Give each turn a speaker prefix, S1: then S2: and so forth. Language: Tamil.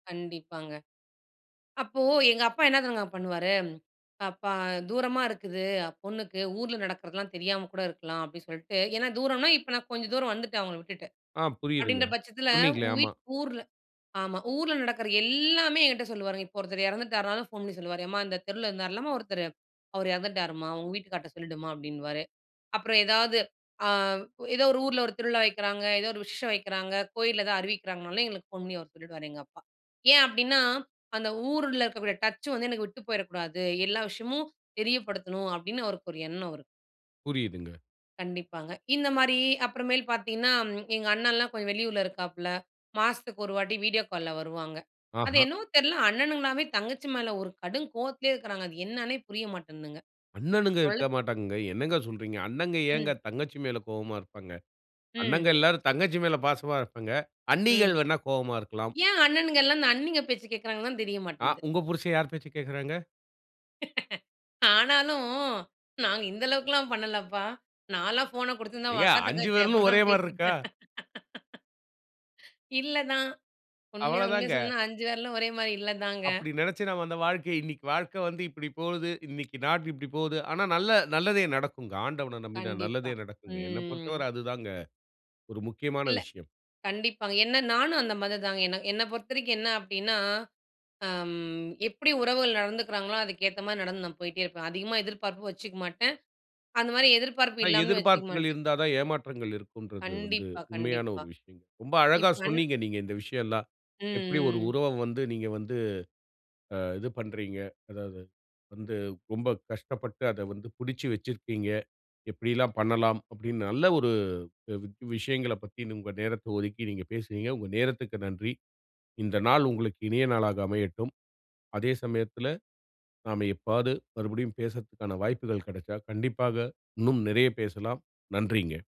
S1: கண்டிப்பாங்க. அப்போ, எங்க அப்பா என்ன தெரிங்க பண்ணுவாரு? அப்பா தூரமா இருக்குது, பொண்ணுக்கு. ஊர்ல நடக்கிறதலாம் தெரியாம கூட இருக்கலாம். அப்டி சொல்ட்டு ஏன்னா, தூரன்னா இப்ப நான் கொஞ்சம் தூரம் வந்துட்டேன், அவுங்கள விட்டுட்டு.
S2: ஆ, புரியுதுங்க.
S1: அப்டின்ற பட்சத்தில,
S2: சொன்னீங்களே!
S1: உன்
S2: ஆமா.
S1: வீட் ஊர்ல ஆமா. ஊர்ல நடக்குற எல்லாமே என்ட்ட சொல்லுவாருங்க. இப்ப ஒருத்தர் இறந்துட்டாருலும் ஃபோன் பண்ணி சொல்லுவாரு. எம்மா! இந்த தெருவுல இருந்தாருல்லம்மா ஒருத்தரு, அவர் இறந்துட்டாரும்மா! உங்க வீட்டுக்கார்ட்ட சொல்லிடுமா! அப்டின்னுவாரு. அப்புறம் ஏதாவது, ஆ ஏதோ ஒரு ஊர்ல ஒரு திருவிழா வைக்கிறாங்க, ஏதோ ஒரு விஷேசம் வைக்கிறாங்க, கோயில்ல ஏதாவது அறிவிக்கிறாங்கனாலும் எங்களுக்கு ஃபோன் பண்ணி அவரு சொல்லிடுவாரு, எங்க அப்பா! ஏன் அப்டின்னா, அந்த ஊருல இருக்கக்கூடிய டச் வந்து எனக்கு விட்டு போயிறக்கூடாது, எல்லா விஷயமும் தெரியப்படுத்தணும் அப்டின்னு அவருக்கு ஒரு எண்ணம் அவருக்கு.
S2: புரியுதுங்க.
S1: கண்டிப்பாங்க. இந்தமாரி அப்புறமேல் பார்த்தீங்கன்னா, ம் எங்க அண்ணன்லாம் கொஞ்சம் வெளியூர்ல இருக்காப்ல. மாசத்துக்கு 1 வாட்டி வீடியோ கால்ல வருவாங்க. அது
S2: ஆஹா!
S1: என்னவோ தெர்ல. அண்ணனுங்கலாமே தங்கச்சி மேல ஒரு கடும் கோவத்திலே இருக்கிறாங்க. அது என்னன்னே புரிய மாட்டேன்துங்க.
S2: அண்ணணுங்க
S1: ஒருளவு
S2: இருக்கமாட்டாங்கங்க. என்னங்க சொல்றீங்க? அண்ணங்க
S1: ம்.
S2: ஏங்க தங்கச்சி மேல கோவமா இருப்பாங்க. அண்ணங்க
S1: ம்.
S2: எல்லாரும் தங்கச்சி மேல பாசமா இருப்பாங்க.
S1: ம்.
S2: அண்ணீகள் வேணா கோவமா இருக்கலாம்.
S1: ஏன் அண்ணனுங்கெல்லாம் அந்த அண்ணீங்க பேச்ச கேட்கிறாங்கன்னு தெரிய
S2: ஆ,
S1: மாட்டேன்ந்து.
S2: உங்க புருஷன் யார் பேச்ச கேட்குறாங்க?
S1: ஆனாலும், நாங்க இந்த அளவுக்கெல்லாம் பண்ணலப்பா! நான்லாம் ஃபோன குடுத்துருந்தா அவுங்க
S2: ஏங்க
S1: அக்கா
S2: 5
S1: தங்கச்சி
S2: விரலும்
S1: எப்புட்னாலும்
S2: ஒரேமாரி இருக்கா?
S1: பேசிப்பே இல்ல தான். உண்மையா உண்மையா
S2: அவ்வளதாங்க.
S1: சொன்னா 5 விரலும் ஒரேமாரி இல்ல தாங்க.
S2: அப்டி நெனைச்சு நாம அந்த வாழ்க்கை இன்னிக்கி வாழ்க்க வந்து இப்டி போகுது, இன்னிக்கி நாள் இப்டி போது. ஆனா நல்ல நல்லதே நடக்குங்க. ஆண்டவன நம்பினா
S1: கண்டிப்பா.
S2: நல்லதே நடக்குங்க. என்னப்
S1: ம்.
S2: பொறுத்தவர அதுதாங்க. ஒரு முக்கியமான
S1: இல்ல.
S2: விஷயம்.
S1: கண்டிப்பாங்க. என்ன நானும் அந்த மாதிரி தாங்க. என்ன என்ன பொறுத்தவரைக்கும் என்ன அப்டின்னா, அம், எப்டி உறவுகள் நடந்துக்கிறாங்களோ! அதுக்கு ஏத்தமாரி நடந்து நான் போயிட்டே இருப்பேன். அதிகமா எதிர்பார்ப்பு வச்சுக்க மாட்டேன். அந்தமாரி எதிர்பார்ப்பு
S2: அ
S1: இல்லாமலும் வச்சுக்க
S2: எதிர்பார்ப்புகள்
S1: மாட்டேன்.
S2: இருந்தா தான், ஏமாற்றங்கள் இருக்கும்ன்றது வந்து
S1: கண்டிப்பா,
S2: உண்மையான
S1: கண்டிப்பா.
S2: ஒரு விஷயம். ரொம்ப அழகா
S1: இப்பன்
S2: சொன்னீங்க நீங்க இந்த விஷயம்லாம். எப்டி ஒரு
S1: ம், ம்.
S2: உறவ வந்து நீங்க வந்து அ இது பண்றீங்க? அதாவது, வந்து ரொம்ப கஷ்டப்பட்டு அத வந்து பிடிச்சு வச்சிருக்கீங்க. எப்டியெல்லாம் பண்ணலாம்? அப்டின்னு நல்ல ஒரு அ வி விஷயங்களப் பத்தி உங்க நேரத்த ஒதுக்கி நீங்க பேசுனீங்க. உங்க நேரத்துக்கு நன்றி. இந்த நாள் உங்களுக்கு இனிய நாளாக அமையட்டும். அதே சமயத்தில, நாம எப்பவாவது மறுபடியும் பேசுறதுக்கான வாய்ப்புகள் கிடச்சால், கண்டிப்பாக இன்னும் நிறைய பேசலாம். நன்றிங்க.